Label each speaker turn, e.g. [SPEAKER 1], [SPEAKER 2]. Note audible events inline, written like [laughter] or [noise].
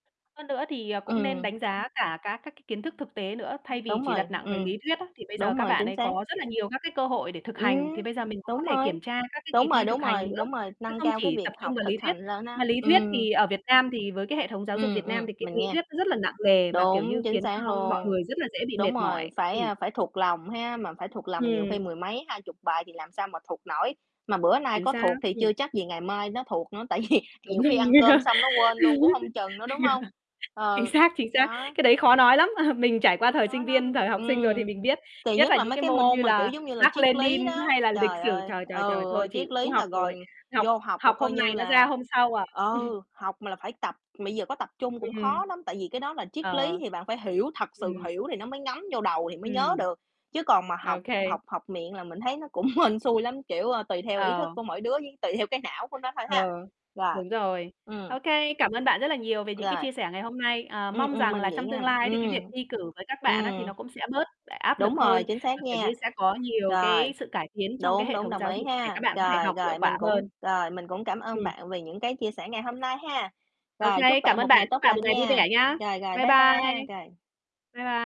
[SPEAKER 1] Hơn nữa thì, à, cũng nên
[SPEAKER 2] Ừm.
[SPEAKER 1] đánh giá cả các các cái kiến thức thực tế nữa, thay vì
[SPEAKER 2] Đúng
[SPEAKER 1] chỉ
[SPEAKER 2] rồi,
[SPEAKER 1] đặt nặng về lý
[SPEAKER 2] ừm.
[SPEAKER 1] thuyết á, thì bây giờ
[SPEAKER 2] Đúng
[SPEAKER 1] các
[SPEAKER 2] rồi,
[SPEAKER 1] bạn
[SPEAKER 2] chính
[SPEAKER 1] ấy
[SPEAKER 2] xác.
[SPEAKER 1] có rất là nhiều các cái cơ hội để thực hành, thì
[SPEAKER 2] Ừm,
[SPEAKER 1] bây giờ mình cũng có
[SPEAKER 2] đúng
[SPEAKER 1] thể
[SPEAKER 2] rồi.
[SPEAKER 1] kiểm tra các cái kỳ
[SPEAKER 2] Đúng rồi,
[SPEAKER 1] thi thực
[SPEAKER 2] đúng
[SPEAKER 1] hành
[SPEAKER 2] rồi,
[SPEAKER 1] nữa,
[SPEAKER 2] đúng rồi,
[SPEAKER 1] chứ
[SPEAKER 2] nâng
[SPEAKER 1] không
[SPEAKER 2] cao cái
[SPEAKER 1] chỉ
[SPEAKER 2] việc
[SPEAKER 1] tập trung
[SPEAKER 2] học
[SPEAKER 1] vào
[SPEAKER 2] thực
[SPEAKER 1] lý thuyết.
[SPEAKER 2] hành lên
[SPEAKER 1] Mà
[SPEAKER 2] ha
[SPEAKER 1] lý thuyết
[SPEAKER 2] ừm.
[SPEAKER 1] thì ở Việt Nam thì với cái hệ thống giáo dục
[SPEAKER 2] Ừm,
[SPEAKER 1] Việt
[SPEAKER 2] ừm,
[SPEAKER 1] Nam thì cái
[SPEAKER 2] mình
[SPEAKER 1] lý
[SPEAKER 2] nghe,
[SPEAKER 1] thuyết nó rất là nặng nề và, kiểu như,
[SPEAKER 2] đúng, chính
[SPEAKER 1] khiến cho
[SPEAKER 2] xác
[SPEAKER 1] mọi
[SPEAKER 2] luôn,
[SPEAKER 1] người rất là dễ bị
[SPEAKER 2] đúng
[SPEAKER 1] mệt
[SPEAKER 2] rồi,
[SPEAKER 1] mỏi,
[SPEAKER 2] phải,
[SPEAKER 1] ừm.
[SPEAKER 2] a, phải thuộc lòng ha, mà phải thuộc lòng nhiều
[SPEAKER 1] Ừm.
[SPEAKER 2] khi mười mấy, 20 bài thì làm sao mà thuộc nổi, mà bữa nay
[SPEAKER 1] Chính
[SPEAKER 2] có
[SPEAKER 1] xác,
[SPEAKER 2] thuộc thì
[SPEAKER 1] ừm.
[SPEAKER 2] chưa chắc gì ngày mai nó thuộc nữa, tại vì
[SPEAKER 1] Đúng
[SPEAKER 2] nhiều
[SPEAKER 1] rồi,
[SPEAKER 2] khi ăn cơm xong nó quên luôn cũng hông
[SPEAKER 1] [laughs]
[SPEAKER 2] chừng nữa, đúng hông?
[SPEAKER 1] chính
[SPEAKER 2] Ừ,
[SPEAKER 1] xác, chính xác.
[SPEAKER 2] đó.
[SPEAKER 1] Cái đấy khó nói lắm, [chuckles] mình trải qua
[SPEAKER 2] Khó
[SPEAKER 1] thời sinh
[SPEAKER 2] nói lắm,
[SPEAKER 1] viên, thời học sinh rồi thì
[SPEAKER 2] ừm,
[SPEAKER 1] mình biết,
[SPEAKER 2] kỳ
[SPEAKER 1] nhất
[SPEAKER 2] nhất
[SPEAKER 1] là
[SPEAKER 2] là
[SPEAKER 1] những
[SPEAKER 2] mấy
[SPEAKER 1] cái
[SPEAKER 2] cái
[SPEAKER 1] môn như
[SPEAKER 2] môn mà, kiểu
[SPEAKER 1] là
[SPEAKER 2] giống như là, triết
[SPEAKER 1] Mác-Lênin
[SPEAKER 2] lý đó.
[SPEAKER 1] hay là lịch
[SPEAKER 2] Trời
[SPEAKER 1] sử,
[SPEAKER 2] ơi
[SPEAKER 1] trời, trời, trời,
[SPEAKER 2] ừ,
[SPEAKER 1] thôi
[SPEAKER 2] ôi,
[SPEAKER 1] chịu,
[SPEAKER 2] triết
[SPEAKER 1] không
[SPEAKER 2] lý
[SPEAKER 1] học
[SPEAKER 2] là
[SPEAKER 1] nổi,
[SPEAKER 2] rồi
[SPEAKER 1] học
[SPEAKER 2] vô học là
[SPEAKER 1] học
[SPEAKER 2] coi
[SPEAKER 1] hôm
[SPEAKER 2] như
[SPEAKER 1] này nó ra
[SPEAKER 2] là
[SPEAKER 1] hôm sau à. [chuckles]
[SPEAKER 2] ừ, học mà là phải tập, mà bây giờ có tập trung cũng
[SPEAKER 1] Ừm.
[SPEAKER 2] khó lắm, tại vì cái đó là triết lý
[SPEAKER 1] Ờ.
[SPEAKER 2] thì bạn phải hiểu, thật sự
[SPEAKER 1] Ừm.
[SPEAKER 2] hiểu thì nó mới ngấm vô đầu thì mới nhớ
[SPEAKER 1] Ừm.
[SPEAKER 2] được, chứ còn mà học
[SPEAKER 1] OK.
[SPEAKER 2] học học miệng là mình thấy nó cũng hên xui lắm, kiểu, ờ, tùy theo ý thức
[SPEAKER 1] Ờ.
[SPEAKER 2] của mỗi đứa với tùy theo cái não của nó thôi
[SPEAKER 1] Ờ.
[SPEAKER 2] ha, rồi,
[SPEAKER 1] Đúng rồi.
[SPEAKER 2] ừm.
[SPEAKER 1] OK, cảm ơn bạn rất là nhiều về những cái
[SPEAKER 2] Rồi.
[SPEAKER 1] chia sẻ ngày hôm nay, ờ,
[SPEAKER 2] Ừm,
[SPEAKER 1] mong
[SPEAKER 2] ừm,
[SPEAKER 1] rằng là
[SPEAKER 2] mình vậy
[SPEAKER 1] trong
[SPEAKER 2] nha
[SPEAKER 1] tương lai thì cái việc
[SPEAKER 2] ừm,
[SPEAKER 1] thi cử với các bạn á thì
[SPEAKER 2] ừm.
[SPEAKER 1] nó cũng sẽ bớt áp lực
[SPEAKER 2] Đúng rồi,
[SPEAKER 1] hơn,
[SPEAKER 2] chính xác
[SPEAKER 1] và, kiểu như,
[SPEAKER 2] nha.
[SPEAKER 1] sẽ có nhiều
[SPEAKER 2] Rồi,
[SPEAKER 1] cái sự cải tiến trong cái
[SPEAKER 2] đúng,
[SPEAKER 1] hệ
[SPEAKER 2] đúng,
[SPEAKER 1] thống
[SPEAKER 2] đồng
[SPEAKER 1] giáo
[SPEAKER 2] ý
[SPEAKER 1] dục để các
[SPEAKER 2] ha,
[SPEAKER 1] bạn có thể
[SPEAKER 2] rồi,
[SPEAKER 1] học hiệu
[SPEAKER 2] rồi,
[SPEAKER 1] quả
[SPEAKER 2] mình cũng
[SPEAKER 1] hơn.
[SPEAKER 2] rồi, mình cũng cảm ơn
[SPEAKER 1] Ừm.
[SPEAKER 2] bạn vì những cái chia sẻ ngày hôm nay ha,
[SPEAKER 1] OK,
[SPEAKER 2] rồi, chúc
[SPEAKER 1] cảm
[SPEAKER 2] bạn
[SPEAKER 1] ơn
[SPEAKER 2] một
[SPEAKER 1] bạn,
[SPEAKER 2] ngày
[SPEAKER 1] chúc
[SPEAKER 2] tốt
[SPEAKER 1] bạn
[SPEAKER 2] lành
[SPEAKER 1] một ngày vui
[SPEAKER 2] nha.
[SPEAKER 1] vẻ nhá!
[SPEAKER 2] Rồi, rồi,
[SPEAKER 1] Bye
[SPEAKER 2] bye bye ha,
[SPEAKER 1] bye,
[SPEAKER 2] rồi.
[SPEAKER 1] bye b